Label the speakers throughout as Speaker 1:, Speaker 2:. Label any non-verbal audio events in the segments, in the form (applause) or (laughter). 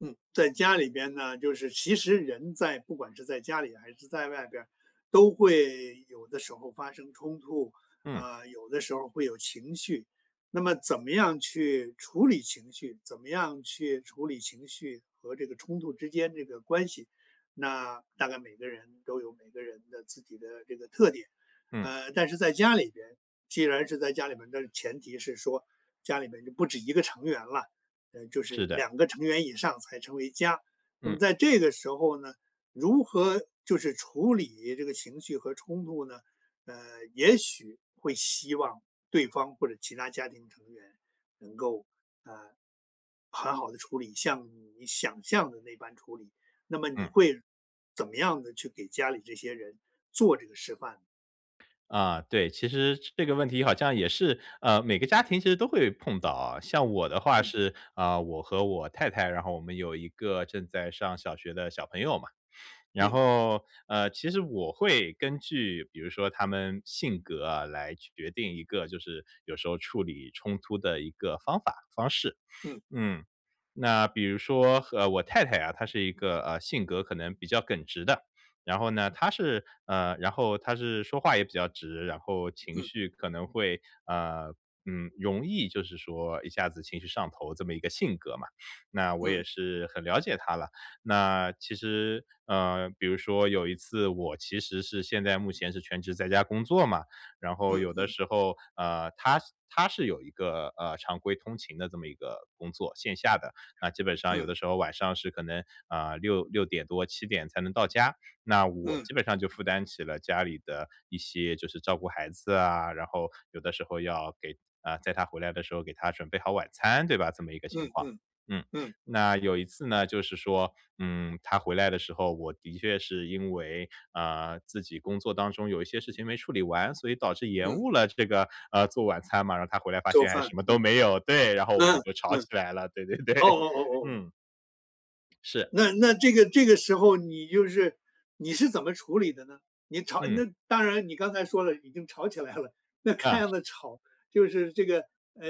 Speaker 1: 嗯，在家里边呢，就是其实，人在不管是在家里还是在外边儿，都会有的时候发生冲突，
Speaker 2: 嗯。
Speaker 1: 啊，有的时候儿会有情绪。那么怎么样去处理情绪，怎么样去处理情绪和这个冲突之间这个关系，那大概每个人都有每个人的自己的这个特点。
Speaker 2: 嗯。
Speaker 1: 呃，但是在家里边既然是在家里面但是前提是说，家里面就不止1个成员了，呃，就
Speaker 2: 是
Speaker 1: 是
Speaker 2: 的。
Speaker 1: 2个成员以上才成为家，那
Speaker 2: 嗯。
Speaker 1: 么在这个时候呢，如何就是处理这个情绪和冲突呢？呃，也许会希望对方，或者其他家庭成员能够，呃，很好地处理，像你想象的那般处理，那么你
Speaker 2: 嗯。
Speaker 1: 会怎么样地去给家里这些人做这个示范呢？
Speaker 2: 啊，对，其实这个问题，好像也是，呃，每个家庭其实都会碰到啊。像我的话，
Speaker 1: 嗯。
Speaker 2: 是，呃，我和我太太，然后我们有一个正在上小学的小朋友嘛。然
Speaker 1: 嗯。
Speaker 2: 后，呃，其实我会根据比如说他们性格啊，来决定一个就是有时候处理冲突的一个方法方式。(sniffs)
Speaker 1: 嗯。
Speaker 2: 嗯，那比如说，呃，我太太啊，她是一个，呃，性格可能比较耿直的。然后呢，她是，呃，然后她是说话也比较直，然后情
Speaker 1: 嗯。
Speaker 2: 绪可能会，呃，嗯，容易就是说一下子情绪上头，这么一个性格嘛。(sniffs) 那我也
Speaker 1: 嗯。
Speaker 2: 是很了解她了。那其实，呃，比如说有一次，我其实是现在目前是全职在家工作嘛，然后
Speaker 1: 嗯
Speaker 2: 有的
Speaker 1: 嗯。
Speaker 2: 时候，呃，她是她是有一个，呃，常规通勤的这么一个工作，线下的。那基本上有
Speaker 1: 嗯。
Speaker 2: 的时候，晚上是可能啊，6-6点多，7点才能到家。那我
Speaker 1: 嗯。
Speaker 2: 基本上就负担起了家里的一些就是照顾孩子啊，然后有的时候要给啊，在她回来的时候给她准备好晚餐，对吧，这么一个情
Speaker 1: 嗯
Speaker 2: 况。
Speaker 1: 嗯，
Speaker 2: 嗯，
Speaker 1: 嗯。
Speaker 2: 那有一次呢，就是说，嗯，她回来的时候，我的确是因为，啊，自己工作当中有一些事情没处理完，所以导致延
Speaker 1: 嗯。
Speaker 2: 误了这个，呃，做晚餐嘛，然后她回来发
Speaker 1: 做
Speaker 2: 现还
Speaker 1: 饭，
Speaker 2: 什么都
Speaker 1: 嗯，
Speaker 2: 没有，对，然后我们
Speaker 1: 嗯，
Speaker 2: 就吵
Speaker 1: 嗯，
Speaker 2: 起来了，对对对，
Speaker 1: 哦哦哦哦。
Speaker 2: 嗯。是，
Speaker 1: 那那
Speaker 2: 是。
Speaker 1: 这个这个时候，你就是你是怎么处理的呢？你吵
Speaker 2: 嗯。
Speaker 1: 那当然你刚才说了，已经吵起来了，那看
Speaker 2: 啊是。
Speaker 1: 样子吵，就是这个，呃，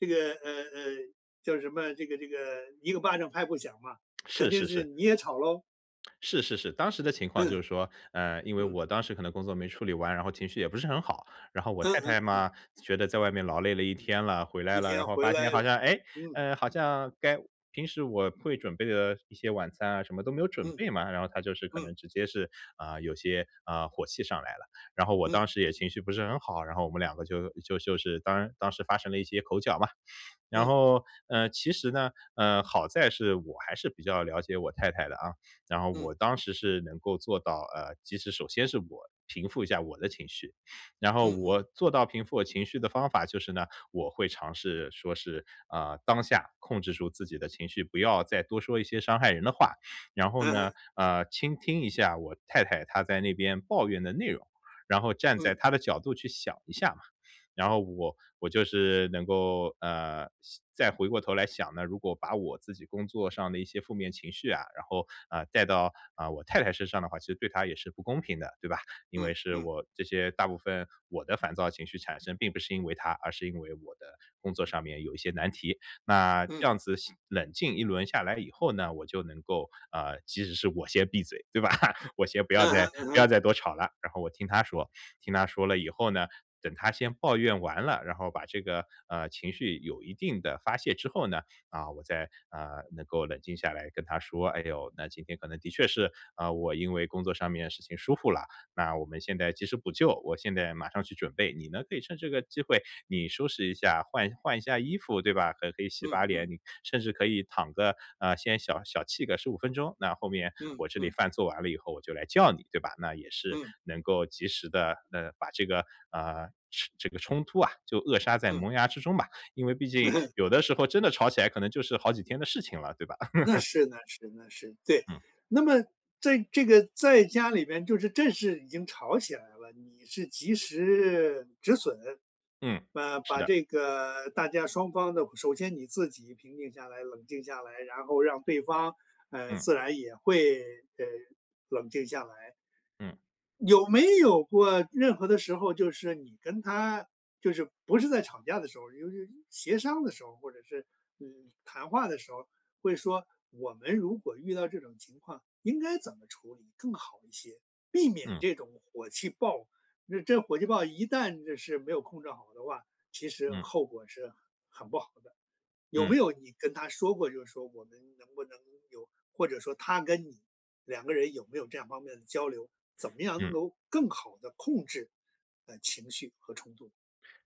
Speaker 1: 这个，呃呃，叫什么，这个这个一个巴掌拍不响嘛，肯
Speaker 2: 是
Speaker 1: 定
Speaker 2: 是
Speaker 1: 是
Speaker 2: 是。
Speaker 1: 你也吵喽。
Speaker 2: 是是是，当时的情况就
Speaker 1: 嗯。
Speaker 2: 是说，呃，因为
Speaker 1: 嗯。
Speaker 2: 我当时可能工作没处理完，然后情绪也不是很好。然后我
Speaker 1: 嗯
Speaker 2: 太太
Speaker 1: 嗯嗯。
Speaker 2: 嘛，觉得在外面劳累了一天了，回来
Speaker 1: 一
Speaker 2: 了，然
Speaker 1: 天
Speaker 2: 后
Speaker 1: 回
Speaker 2: 发现
Speaker 1: 来
Speaker 2: 好像，哎，
Speaker 1: 嗯。
Speaker 2: 呃，好像该平时我会准备的一些晚餐啊，什么都没有准
Speaker 1: 嗯。
Speaker 2: 备嘛，然后她就是可能
Speaker 1: 嗯。
Speaker 2: 直接是，啊，有些，啊，火气上来了。然后我
Speaker 1: 嗯。
Speaker 2: 当时也情绪不是很好，然后我们2个就就就是当当时发生了一些口角嘛。然
Speaker 1: 嗯。
Speaker 2: 后，呃，其实呢，嗯，好在是我还是比较了解我太太的啊，然后
Speaker 1: 嗯。
Speaker 2: 我当时是能够做到，呃，其实首先是我平复一下我的情绪。(sniffs) 然后
Speaker 1: 嗯
Speaker 2: 我
Speaker 1: 嗯。
Speaker 2: 做到平复我情绪的方法就是呢，我会尝试说是，啊，当下控制住自己的情绪，不要再多说一些伤害人的话。(sniffs) 然后
Speaker 1: 嗯
Speaker 2: 呢，
Speaker 1: 哼。
Speaker 2: 呃，倾听一下我太太她在那边抱怨的内容，然后站在
Speaker 1: 嗯。
Speaker 2: 她的角度去想一下，(sniffs) 然后我，我就是能够，呃，想再回过头来想呢，如果把我自己工作上的一些负面情绪啊，然后，啊，带到，啊，我太太身上的话，其实对她也是不公平的，对吧。因为
Speaker 1: 嗯，
Speaker 2: 是
Speaker 1: 嗯。
Speaker 2: 我这些大部分我的烦躁情绪产生并不是因为她，而是因为我的工作上面有一些难题，那
Speaker 1: 嗯。
Speaker 2: 这样子下冷静一轮下来以后呢，我就能够，啊，即使是我先闭嘴，对吧？我先不要
Speaker 1: 嗯哼，
Speaker 2: 再
Speaker 1: 嗯
Speaker 2: 不要
Speaker 1: 哼。
Speaker 2: 再多吵了，然后我听她说，(sniffs) 听她说了以后呢，等她先抱怨完了，然后把这个，呃，情绪有一定的发泄之后呢，啊，我再，啊，能够冷静下来跟她说：“哎呦，那今天可能的确是，啊，我因为工作上面事情疏忽了，那我们现在及时补救，我现在马上去准备。你呢，可以趁这个机会，你收拾一下，换换一下衣服，对吧？可可以洗
Speaker 1: 嗯，
Speaker 2: 把
Speaker 1: 嗯。
Speaker 2: 脸，你甚至可以躺个啊，先小小憩个15分钟，那后面
Speaker 1: 嗯，
Speaker 2: 我这里
Speaker 1: 嗯。
Speaker 2: 饭做完了以后我就来叫你，对吧？”那也是
Speaker 1: 嗯。
Speaker 2: 能够及时地，呃，把这个，啊，这这个冲突啊，就扼杀在
Speaker 1: 嗯。
Speaker 2: 萌芽之中吧。因为毕
Speaker 1: 嗯
Speaker 2: 竟
Speaker 1: 哼。
Speaker 2: 有的时候真的吵起来可能就是好几天的事情了，对吧？
Speaker 1: 那
Speaker 2: (laughs)
Speaker 1: 是那是那是，对，
Speaker 2: 嗯。
Speaker 1: 那么在这个在家里边就是正式已经吵起来了，你是及时止损，
Speaker 2: 嗯，
Speaker 1: 啊，
Speaker 2: 是
Speaker 1: 把
Speaker 2: 的。
Speaker 1: 这个大家双方的首先你自己平静下来，冷静下来，然后让对方，呃，
Speaker 2: 嗯。
Speaker 1: 自然也会，呃，冷静下来。
Speaker 2: 嗯。
Speaker 1: 有没有过任何的时候，就是你跟她就是不是在吵架的时候，由于协商的时候，或者是，你，谈话的时候，会说我们如果遇到这种情况，应该怎么处理更好一些，避免
Speaker 2: 嗯。
Speaker 1: 这种火气爆，这火气爆一旦就是没有控制好的话，其实
Speaker 2: 嗯。
Speaker 1: 后果是很不好的。有
Speaker 2: 嗯。
Speaker 1: 没有你跟她说过，就是说我们能不能有，或者说她跟你两个人有没有这样方面的交流，怎么样能
Speaker 2: 嗯。
Speaker 1: 够更好的控制，呃，情绪和冲突。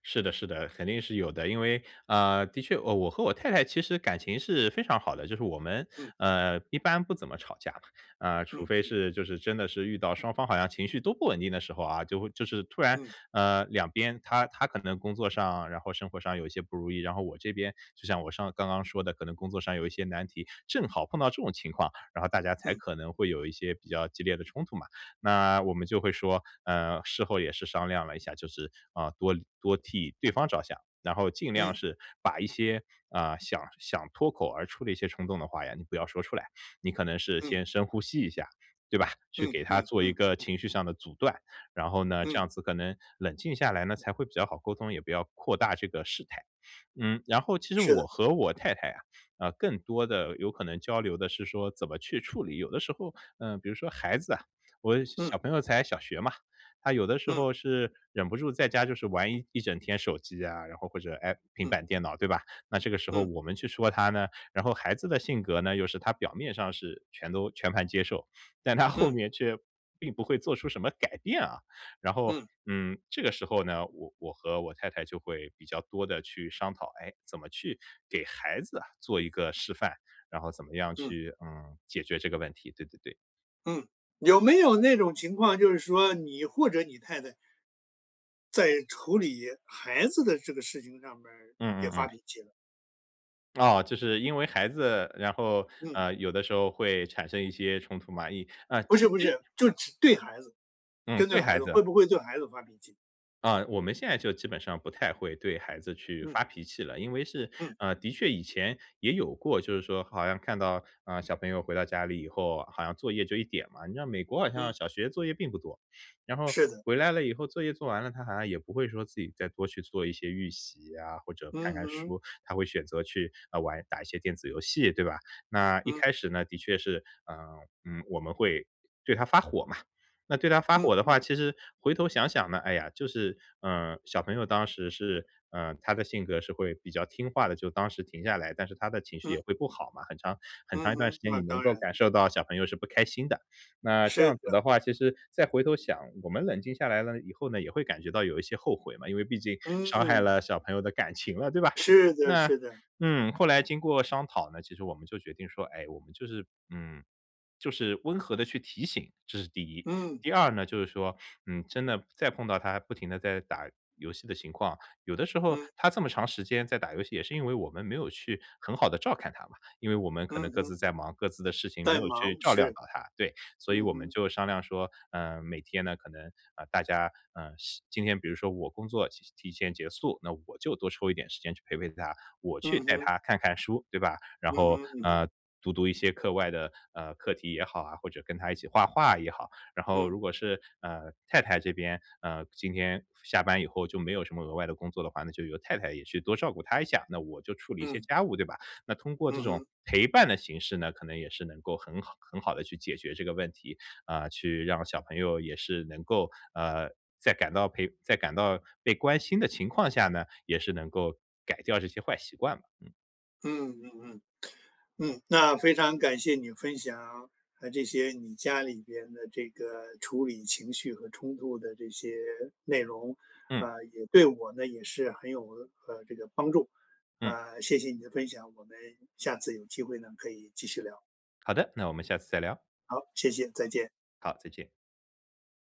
Speaker 2: 是的是的，肯定是有的，因为，呃，的确我和我太太其实感情是非常好的，就是我们，
Speaker 1: 嗯。
Speaker 2: 呃，一般不怎么吵架。啊，除
Speaker 1: 嗯，
Speaker 2: 非
Speaker 1: 嗯。
Speaker 2: 是就是真的是遇到双方好像情绪都不稳定的时候啊，就会就是突然，
Speaker 1: 嗯。
Speaker 2: 呃，两边她她可能工作上，然后生活上有一些不如意。然后我这边就像我上刚刚说的可能工作上有一些难题，正好碰到这种情况，然后大家才
Speaker 1: 嗯。
Speaker 2: 可能会有一些比较激烈的冲突嘛。那我们就会说，呃，事后也是商量了一下，就是，啊，多多替对方着想，然后尽量
Speaker 1: 嗯。
Speaker 2: 是把一些，啊，想想脱口而出的一些冲动的话呀，你不要说出来，(sniffs) 你可能是
Speaker 1: 嗯。
Speaker 2: 先深呼吸一下，对吧，去
Speaker 1: 嗯
Speaker 2: 给它
Speaker 1: 嗯
Speaker 2: 做一
Speaker 1: 嗯。
Speaker 2: 个情绪上的阻断。然后呢，这
Speaker 1: 嗯。
Speaker 2: 样子可能冷静下来呢，才会比较好沟通，也不要扩大这个事态。嗯，然后其实
Speaker 1: 是的。
Speaker 2: 我和我太太啊，呃，更多的有可能交流的是说怎么去处理，有的时候，嗯，比如说孩子啊，我小
Speaker 1: 嗯。
Speaker 2: 小朋友才小学嘛，他有的时
Speaker 1: 嗯。
Speaker 2: 候是忍不住在家就是玩一整天手机啊，然后或者 I 平
Speaker 1: 嗯。
Speaker 2: 板电脑对吧？那这个时候
Speaker 1: 嗯。
Speaker 2: 我们去说他呢，然后孩子的性格呢，又是他表面上是全都全盘接受，但他后
Speaker 1: 嗯。
Speaker 2: 面却并不会做出什么改变啊。然后，
Speaker 1: 嗯。
Speaker 2: 嗯，这个时候呢，我我和我太太就会比较多地去商讨，哎，怎么去给孩子啊，做一个示范，然后怎么样
Speaker 1: 嗯。
Speaker 2: 去，嗯，解决这个问题。对对对。
Speaker 1: 嗯，有没有那种情况，就是说你或者你太太在处理孩子的这个事情上面儿，
Speaker 2: 嗯
Speaker 1: 也
Speaker 2: 嗯
Speaker 1: 发
Speaker 2: 嗯。
Speaker 1: 脾气了。
Speaker 2: 哦，就是因为孩子，然后，
Speaker 1: 嗯。
Speaker 2: 呃，有的时候会产生一些冲突嘛，一啊，
Speaker 1: 不
Speaker 2: 其
Speaker 1: 是不
Speaker 2: 实
Speaker 1: 是，就只对孩子，
Speaker 2: 嗯，
Speaker 1: 针对
Speaker 2: 对
Speaker 1: 孩
Speaker 2: 孩
Speaker 1: 子，
Speaker 2: 子。
Speaker 1: 会不会对孩子发脾气。
Speaker 2: 啊，我们现在就基本上不太会对孩子去
Speaker 1: 嗯。
Speaker 2: 发脾气了。因为是，
Speaker 1: 嗯。
Speaker 2: 啊，的确以前也有过，就是说好像看到，呃，小朋友回到家里以后，好像作业就一点嘛，你知道美国好像
Speaker 1: 嗯。
Speaker 2: 小学作业并不多。(sniffs) 然后
Speaker 1: 是的。
Speaker 2: 回来了以后作业做完了，他好像也不会说自己再多去做一些预习啊，或者看
Speaker 1: 嗯
Speaker 2: 看
Speaker 1: 哼。
Speaker 2: 书，他会选择去，呃，玩，打一些电子游戏，对吧？那一
Speaker 1: 嗯。
Speaker 2: 开始呢，的确是，嗯，嗯，我们会对他发火嘛。那对他发
Speaker 1: 嗯，
Speaker 2: 火的
Speaker 1: 嗯。
Speaker 2: 话，其实回头想想呢，哎呀，就是，嗯，小朋友当时是，呃，他的性格是会比较听话的，就当时停下来，但是他的情绪也
Speaker 1: 嗯。
Speaker 2: 会不好嘛，很长很长
Speaker 1: 嗯
Speaker 2: 一段时
Speaker 1: 哼，
Speaker 2: 间
Speaker 1: 那
Speaker 2: 你能
Speaker 1: 当
Speaker 2: 够
Speaker 1: 然。
Speaker 2: 感受到小朋友是不开心的。那这
Speaker 1: 是
Speaker 2: 样子
Speaker 1: 的。
Speaker 2: 的话，其实再回头想，我们冷静下来了以后呢，也会感觉到有一些后悔嘛，因为毕竟伤害
Speaker 1: 嗯。
Speaker 2: 了小朋友的感情了，对吧？
Speaker 1: 是的，
Speaker 2: 那，
Speaker 1: 是的。
Speaker 2: 嗯，后来经过商讨呢，其实我们就决定说，哎，我们就是，嗯，就是温和地去提醒，这是第一。
Speaker 1: 嗯。
Speaker 2: 第二呢，就是说，嗯，真的再碰到他不停地在打游戏的情况，有的时候
Speaker 1: 嗯。
Speaker 2: 他这么长时间在打游戏，也是因为我们没有去很好地照看他嘛。因为我们可
Speaker 1: 嗯
Speaker 2: 能各
Speaker 1: 哼。
Speaker 2: 自在忙各自的事情没
Speaker 1: 在
Speaker 2: 有去
Speaker 1: 忙，
Speaker 2: 照料
Speaker 1: 是，
Speaker 2: 到他，对。所以
Speaker 1: 嗯
Speaker 2: 我们
Speaker 1: 哼。
Speaker 2: 就商量说，呃，每天呢可能啊大家，呃，希今天比如说我工作提提前结束，那我就多抽一点时间去陪陪他，我去
Speaker 1: 嗯
Speaker 2: 带
Speaker 1: 哼。
Speaker 2: 他看看书，对吧？然
Speaker 1: 嗯
Speaker 2: 后，
Speaker 1: 哼嗯哼。
Speaker 2: 嗯，读读一些课外的，呃，课题也好啊，或者跟他一起画画也好。然后
Speaker 1: 嗯。
Speaker 2: 如果是，呃，太太这边，呃，今天下班以后就没有什么额外的工作的话，那就由太太也去多照顾他一下，那我就处理一些
Speaker 1: 嗯。
Speaker 2: 家务，对吧？那通过这
Speaker 1: 嗯
Speaker 2: 种
Speaker 1: 哼。
Speaker 2: 陪伴的形式呢，可能也是能够很好很好地去解决这个问题。啊，去让小朋友也是能够，呃，在感到陪在感到被关心的情况下呢，也是能够改掉这些坏习惯。嗯。
Speaker 1: 嗯嗯嗯，嗯，那非常感谢你分享，呃，这些你家里边的这个处理情绪和冲突的这些内容。
Speaker 2: 嗯。
Speaker 1: 啊，也对我呢，也是很有，呃，这个帮助，
Speaker 2: 嗯。
Speaker 1: 啊，谢谢你的分享，我们下次有机会呢可以继续聊。
Speaker 2: 好的，那我们下次再聊。
Speaker 1: 好，谢谢，再见。
Speaker 2: 好，再见。